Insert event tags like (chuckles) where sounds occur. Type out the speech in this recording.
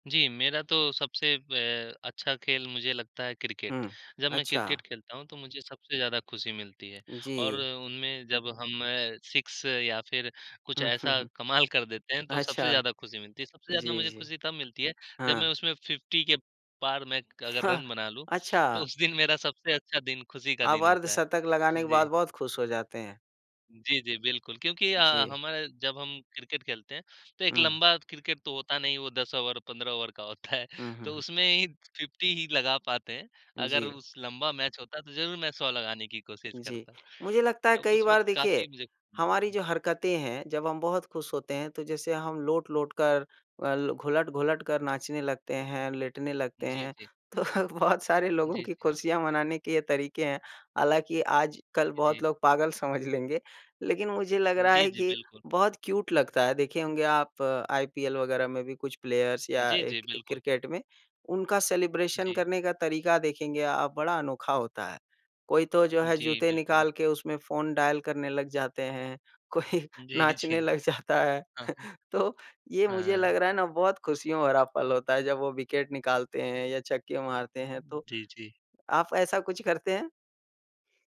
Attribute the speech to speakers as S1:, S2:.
S1: जी। मेरा तो सबसे बे अच्छा खेल मुझे लगता है क्रिकेट।
S2: हुँ।
S1: जब मैं क्रिकेट
S2: अच्छा।
S1: खेलता हूँ तो मुझे सबसे ज़्यादा खुशी मिलती है। और
S2: जी।
S1: उनमें जब हम 6 या फिर कुछ ऐसा
S2: (chuckles)
S1: कमाल कर देते हैं, तो सबसे
S2: अच्छा।
S1: ज़्यादा खुशी मिलती है। सबसे ज़्यादा
S2: जी,
S1: मुझे
S2: जी।
S1: खुशी तब मिलती है जब मैं
S2: हाँ।
S1: उसमें 50 के पार मैं क अगर
S2: हाँ।
S1: रन बना लूँ, तो
S2: अच्छा।
S1: उस दिन मेरा सबसे अच्छा दिन खुशी का
S2: आप
S1: दिन होता है।
S2: अर्धशतक लगाने के बाद
S1: जी।
S2: बहुत खुश हो जाते हैं।
S1: जी, जी। बिल्कुल क्योंकि अ,
S2: जी।
S1: हम जब हम क्रिकेट खेलते हैं तो एक
S2: हुँ।
S1: लंबा क्रिकेट तो होता नहीं, वो 10 ओवर 15 ओवर का होता है।
S2: हुँ, हुँ,
S1: तो
S2: हुँ।
S1: उसमें ही 50 ही लगा पाते हैं। अगर
S2: जी।
S1: उस लंबा मैच होता तो ज़रूर मैं 100 लगाने की कोशिश
S2: जी।
S1: करता।
S2: मुझे लगता है
S1: तो
S2: कई
S1: उस
S2: बार
S1: वक़्त
S2: देखिए
S1: काफ़ी मुझे
S2: हमारी जो हरकतें हैं, जब हम बहुत खुश होते हैं, तो जैसे हम लोट-लोट कर अल घुलट-घुलट कर नाचने लगते हैं, लेटने लगते
S1: जी,
S2: हैं।
S1: जी।
S2: तो बहुत सारे लोगों
S1: जी,
S2: की
S1: जी।
S2: खुशियाँ मनाने के ये तरीके हैं। हालाँकि आजकल
S1: जी।
S2: बहुत लोग पागल समझ लेंगे। लेकिन मुझे लग रहा
S1: जी,
S2: है
S1: जी।
S2: कि
S1: बिल्कुल।
S2: बहुत क्यूट लगता है। देखे होंगे आप आईपीएल वग़ैरह में भी कुछ प्लेयर्स या
S1: जी, जी।
S2: एक एक
S1: बिल्कुल।
S2: क्रिकेट में, उनका सेलिब्रेशन
S1: जी।
S2: करने का तरीका देखेंगे आप, बड़ा अनोखा होता है। कोई तो जो है
S1: जी,
S2: जूते
S1: बिल्कुल।
S2: निकाल के उसमें फ़ोन डायल करने लग जाते हैं, कोई
S1: जी,
S2: नाचने
S1: जी।
S2: लग जाता है।
S1: हाँ।
S2: (chuckles) तो ये मुझे
S1: अ
S2: लग रहा है ना बहुत खुशियों भरा पल होता है जब वो विकेट निकालते हैं या छक्के मारते हैं। तो
S1: जी, जी।
S2: आप ऐसा कुछ करते हैं?